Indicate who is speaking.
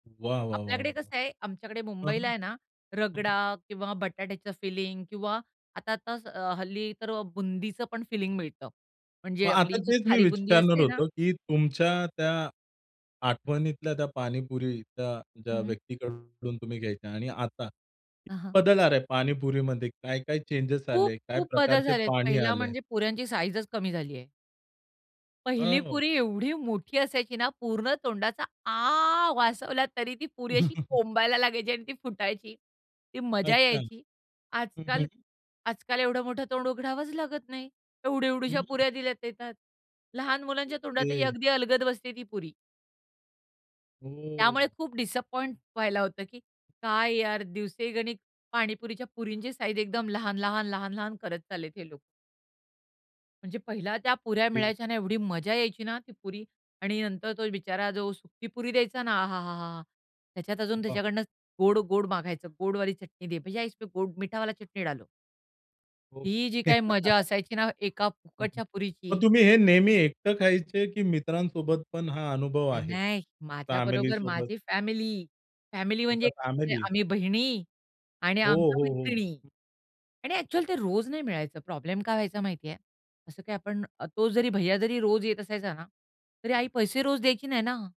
Speaker 1: वाह! वाह! वाह!
Speaker 2: आपल्याकडे
Speaker 1: वाह!
Speaker 2: कसं आहे, आमच्याकडे
Speaker 1: हं,
Speaker 2: मुंबईला आहे ना,
Speaker 1: हं.
Speaker 2: रगडा
Speaker 1: [unintelligible]
Speaker 2: किंवा बटाट्याचं फिलिंग किंवा आता आताच अ, हल्ली तर अ, बुंदीच पण फिलिंग मिळतं.
Speaker 1: मग
Speaker 2: म्हणजे
Speaker 1: आता
Speaker 2: आपली जी
Speaker 1: तेच मी
Speaker 2: खारी बुंदी
Speaker 1: विचारणार
Speaker 2: असते ना
Speaker 1: होतो की तुमच्या त्या आठवणीतल्या, त्या पाणीपुरीच्या ज्या
Speaker 2: हं, हं.
Speaker 1: व्यक्तीकडून तुम तुम्ही घ्यायच्या आणि आता
Speaker 2: हां, हां.
Speaker 1: बदल आला आहे पाणीपुरीमध्ये, काय काय चेंजेस आले? काय
Speaker 2: खूप-खूप बदल
Speaker 1: प्रकारचे
Speaker 2: झालेत.
Speaker 1: पाणी
Speaker 2: पहिला
Speaker 1: आलंय?
Speaker 2: म्हणजे पुऱ्यांची साइझच कमी झालीये.
Speaker 1: अ,
Speaker 2: पहिली
Speaker 1: हो.
Speaker 2: पुरी एवढी मोठी असायची ना, पूर्ण तोंडाचा आ वासवला तरी ती पुरी अशी कोंबायला लागायची आणि ती फुटायची, ती मजा
Speaker 1: अच्छा.
Speaker 2: यायची.
Speaker 1: हं,
Speaker 2: आजकाल
Speaker 1: हं.
Speaker 2: आजकाल एवढं मोठं तोंड उघडावच लागत नाही. एवढी एवढुशा
Speaker 1: हं.
Speaker 2: पुऱ्या दिल्या येतात. लहान मुलांच्या तोंडातही
Speaker 1: ओके.
Speaker 2: अगदी अलगद बसते ती पुरी. त्यामुळे
Speaker 1: हो.
Speaker 2: खूप डिसअपॉइंट व्हायला होतं, की काय यार दिवसेगणीक पाणीपुरीच्या पुरींची साइझ एकदम लहान-लहान-लहान-लहान करत चाललेत हे लोक. म्हणजे पहिला त्या पुऱ्या
Speaker 1: ते,
Speaker 2: मिळायच्या ना एवढी मजा यायची ना, ती पुरी आणि नंतर तो बिचारा जो सुखी पुरी द्यायचा ना आहाहाहा! त्याच्यात अजून
Speaker 1: वाह!
Speaker 2: त्याच्याकडनं गोड-गोड मागायचं. गोडवाली चटणी दे, भैय्या इसमे गोड, मीठा वाला चटणी डालो.
Speaker 1: हो.
Speaker 2: ही जी काही मजा असायची ना एका फुकटच्या पुरीची,
Speaker 1: मग तुम्ही हे नेहमी एकटं खायचे की मित्रांसोबत पण हा अनुभव
Speaker 2: नाही,
Speaker 1: आहे?
Speaker 2: नाही. माझ्याबरोबर
Speaker 1: फॅमिलीसोबत?
Speaker 2: माझी फॅमिली, फॅमिली
Speaker 1: अच्छा,
Speaker 2: म्हणजे
Speaker 1: फॅमिली?
Speaker 2: आम्ही बहिणी आणि
Speaker 1: हो,
Speaker 2: आमच्या
Speaker 1: हो, हो.
Speaker 2: मैत्रिणी. आणि अ‍ॅक्चुअली ते रोज नाही मिळायचं. प्रॉब्लेम काय व्हायचा माहितीये. असं काही आपण अ, तो जरी भैय्या जरी रोज येत असायचा ना, तरी आई पैसे रोज द्यायची नाही ना.